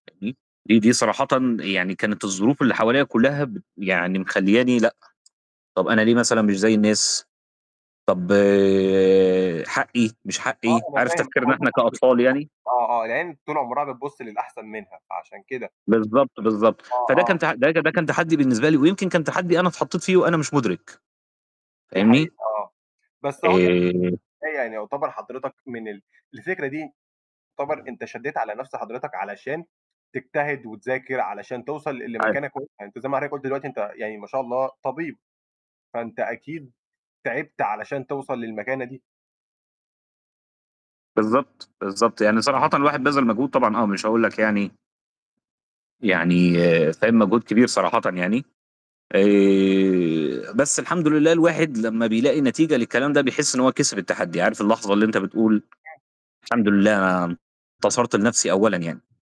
[unintelligible] دي صراحةً يعني كانت الظروف اللي حواليا كُلّها بت يعني مخلياني لأ، طَب أنا ليه مثلًا مش زي الناس؟ طَب حقي، مش آه، حقي، أنا عارف فاهم، تفكيرنا هو ده إحنا، طبيعي، كأطفال بالضبط، يعني؟ آه، آه، العين طول عمرها بتبُصّ للأحسن منها، فعشان كده. بالضبط، بالضبط. آه، فده كان آه. ت ده كان ده كان تحدي بالنسبة لي، ويمكن كان تحدي أنا اتحطيت فيه وأنا مش مدرك، دي فاهمني؟ حقيقة، آه. بس أهو آآ يعني، [unintelligible] يعني يعتبر حضرتك من ال الفكرة دي يعتبر أنت شدّيت على نَفْس حضرتك، علشان تجتهد وتذاكر علشان توصل ل عارف. لمكانة كويسة، أنت زي ما حضرتك قُلت دلوقتي أنت يعني ما شاء الله طبيب، فأنت أكيد تِعِبت علشان توصل للمكانة دي. بالضبط، بالضبط. يعني صراحةً الواحد بَذَل مجهود طبعًا آه مش هاقولك يعني يعني فاهم؟ مجهود كبير صراحةً يعني. آآ، بس الحمد لله، الواحد لمّا بيلاقي نتيجة للكلام ده بيحس إن هو كِسِب التحدي، عارف اللحظة اللي أنت بتقول الحمد [unintelligible] لله، أنا انتصرت لنفسي أولًا يعني.